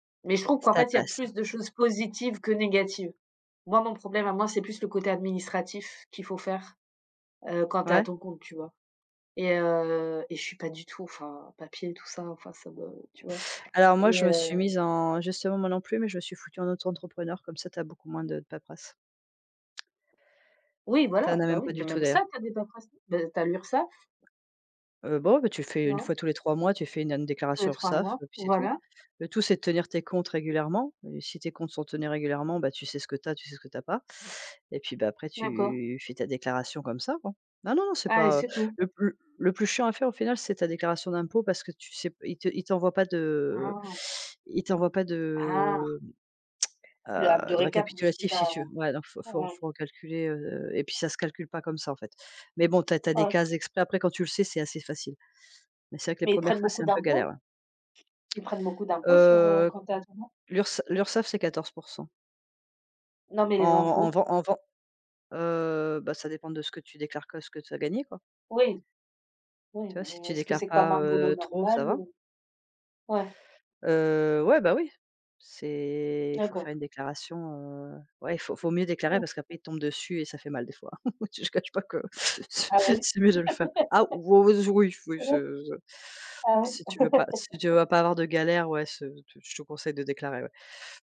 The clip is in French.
Mais je trouve qu'en Ça fait, il y a passe, hein. plus de choses positives que négatives. Moi, mon problème à moi, c'est plus le côté administratif qu'il faut faire, heu, quand tu es à Ouais. ton compte, tu vois? Et heu et je suis pas du tout, enfin, papier et tout ça, enfin, ça me tu vois? Alors Et moi, je me suis heu mise en justement, moi non plus, mais je me suis foutue en auto-entrepreneur, comme ça, tu as beaucoup moins de paperasse. Oui, Tu voilà, en as bah même oui, pas mais du tout, même d'ailleurs. ça, tu as des paperasses, bah, tu as l'URSSAF. Heu, bon, ouais, bah, tu fais 1 Non? fois tous les 3 mois, tu fais une an Tous les déclaration 3 URSSAF, mois, heu et puis c'est tout. voilà. Le tout, c'est de tenir tes comptes régulièrement, si tes comptes sont tenus régulièrement, bah, tu sais ce que tu as, tu sais ce que tu as pas et puis, bah, après, D'accord. tu fais ta déclaration comme ça, quoi. Ah non, non, c'est Ah et pas, heu, c'est tout? le plus l le plus chiant à faire au final, c'est ta déclaration d'impôt parce que tu sais p ils te ils t'envoient pas de Ah. ils t'envoient pas Ah. de, mmh, Le ap heu, de de récapitulatif de ce que récapitulatif tu si as tu veux, ouais, donc faut faut ouais. faut recalculer, heu et puis, ça se calcule pas comme ça, en fait. Mais bon, tu as tu as Ah des oui. cases exprès. Après quand tu le sais, c'est assez facile. Mais c'est vrai que les Mais ils 1res prennent fois, c'est beaucoup un peu galère, d'impôts? ouais. Ils prennent beaucoup d'impôt sur, heu, Heu, quand tu es à ton compte? L'URSSA l'URSSAF c'est 14%. Non mais En les en impôts? vend en vend heu bah, ça dépend de ce que tu déclares que ce que tu as gagné, quoi. Oui. Oui Tu vois? Si mais tu est-ce que déclares c'est comme pas, un boulot heu, trop, normal ça va. ou? Ouais. Heu, ouais, bah oui, c'est faut D'accord. faire une déclaration, heu, ouais, faut faut mieux déclarer Mmh. parce qu'après, ils tombent dessus et ça fait mal des fois. Je te cache pas que Ah oui? c'est mieux de le faire. Ah ouz oui, oui, ce je [unintelligible] ah ouais? si tu veux pas si tu veux pas avoir de galères, ouais, ce je te conseille de déclarer, ouais.